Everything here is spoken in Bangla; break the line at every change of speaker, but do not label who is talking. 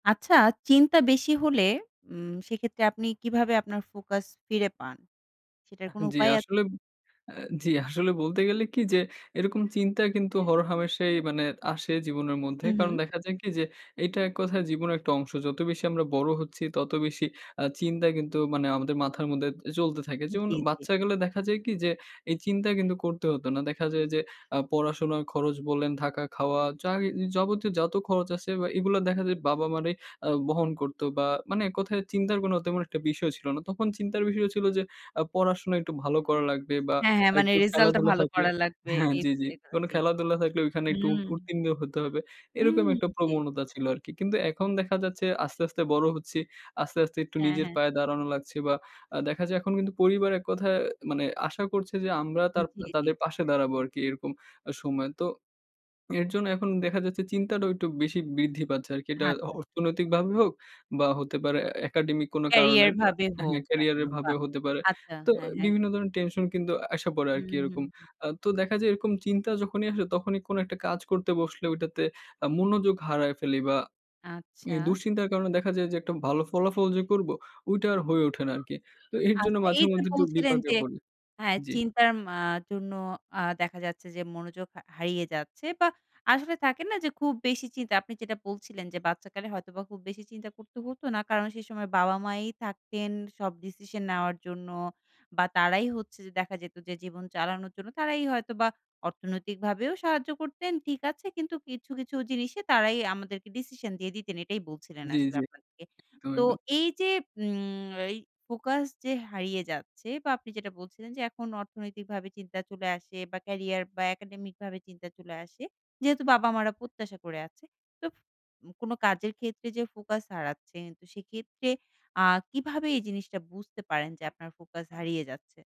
আচ্ছা, চিন্তা বেশি হলে উম সেক্ষেত্রে আপনি কিভাবে আপনার ফোকাস ফিরে পান? সেটার
আ
কোনো
জি
উপায় আছে?
আসলে এ জি আসলে বলতে গেলে কি যে এরকম চিন্তা কিন্তু হরহামেশাই মানে আসে জীবনের মধ্যে।
হু,
কারণ
হু।
দেখা যায় কি যে এটা এক কথায় জীবনের একটা অংশ। যত বেশি আমরা বড় হচ্ছি তত বেশি আ চিন্তা কিন্তু মানে আমাদের মাথার মধ্যে চলতে থাকে। যেমন
জি, জি।
বাচ্চাকালে দেখা যায় কি যে এই চিন্তা কিন্তু করতে হতো না। দেখা যায় যে আ পড়াশোনার খরচ বলেন থাকা খাওয়া যা যাবতীয় যত খরচ আছে বা এগুলো দেখা যায় বাবা মারাই আ বহন করত বা মানে এককথায় চিন্তার কোনো তেমন একটা বিষয় ছিল না। তখন চিন্তার বিষয় ছিল যে আ পড়াশোনা একটু ভালো করা লাগবে বা
হ্যাঁ, হ্যাঁ। মানে
একটু
রেজাল্টটা
খেলাধুলা
ভালো
থাকবে
করা লাগবে
হ্যাঁ
এই
জি, জি।
[unintelligible]
কোনো
জি।
খেলাধুলা থাকলে ওইখানে
হু।
একটু উ উত্তীর্ণ হতে হবে। এরকম
হুম,
একটা
জি।
প্রবণতা ছিল আরকি। কিন্তু এখন দেখা যাচ্ছে আস্তে, আস্তে বড় হচ্ছি। আস্তে, আস্তে একটু
হ্যাঁ,
নিজের
হ্যাঁ।
পায়ে দাঁড়ানো লাগছে বা আ দেখা যায় এখন কিন্তু পরিবার এক কথায় মানে আশা করছে যে আমরা তার
জি, জি।
তাদের পাশে দাঁড়াবো আরকি এরকম সময়। তো এর জন্য এখন দেখা যাচ্ছে চিন্তাটাও একটু বেশি বৃদ্ধি পাচ্ছে আরকি। এটা
আচ্ছা, আচ্ছা।
অর্থনৈতিকভাবে হোক বা হতে পারে এ একাডেমিক কোন কারণে
ক্যারিয়ার
বা
ভাবে হোক
ক্যারিয়ার এর
দেখানো বা
ভাবে হতে পারে।
আচ্ছা।
তো
হ্যাঁ, হ্যাঁ।
বিভিন্ন ধরনের টেনশন কিন্তু আইসা পড়ে
হু,
আরকি
হু,
এরকম।
হু।
আ তো দেখা যায় এরকম চিন্তা যখনই আসে তখনই কোন একটা কাজ করতে বসলে ঐটাতে আ মনোযোগ হারায় ফেলি বা এব
আচ্ছা।
দুশ্চিন্তার কারণে দেখা যায় যে একটা ভালো ফলাফল যে করব ওইটা আর হয়ে ওঠে না আরকি। তো এর জন্য
আচ্ছা
মাঝে
এই যে
মধ্যে একটু
বলছিলেন
বিপাকে
যে
পড়ি।
হ্যাঁ
জি।
চিন্তার আ জন্য আ দেখা যাচ্ছে যে মনোযোগ হা হারিয়ে যাচ্ছে বা আসলে থাকে না যে খুব বেশি চিন্তা। আপনি যেটা বলছিলেন যে বাচ্চাকালে হয়তোবা খুব বেশি চিন্তা করতে হতো না কারণ সেই সময় বাবা মায়াই থাকতেন সব ডিসিশন নেওয়ার জন্য বা তারাই হচ্ছে যে দেখা যেত যে জীবন চালানোর জন্য তারাই হয়তো বা অর্থনৈতিক ভাবেও সাহায্য করতেন। ঠিক আছে কিন্তু কিছু, কিছু জিনিসে তারাই আমাদেরকে ডিসিশন দিয়ে দিতেন এটাই বলছিলেন
জি,
আসলে
জি।
আপনাদেরকে।
একদম,
তো
একদম।
এই যে উম এই ফোকাস যে হারিয়ে যাচ্ছে বা আপনি যেটা বলছিলেন যে এখন অর্থনৈতিক ভাবে চিন্তা চলে আসে বা ক্যারিয়ার বা একাডেমিক ভাবে চিন্তা চলে আসে। যেহেতু বাবা মা রা প্রত্যাশা করে আছে। তো কোন কাজের ক্ষেত্রে যে ফোকাস হারাচ্ছে সেক্ষেত্রে আ কিভাবে এই জিনিসটা বুঝতে পারেন যে আপনার ফোকাস হারিয়ে যাচ্ছে।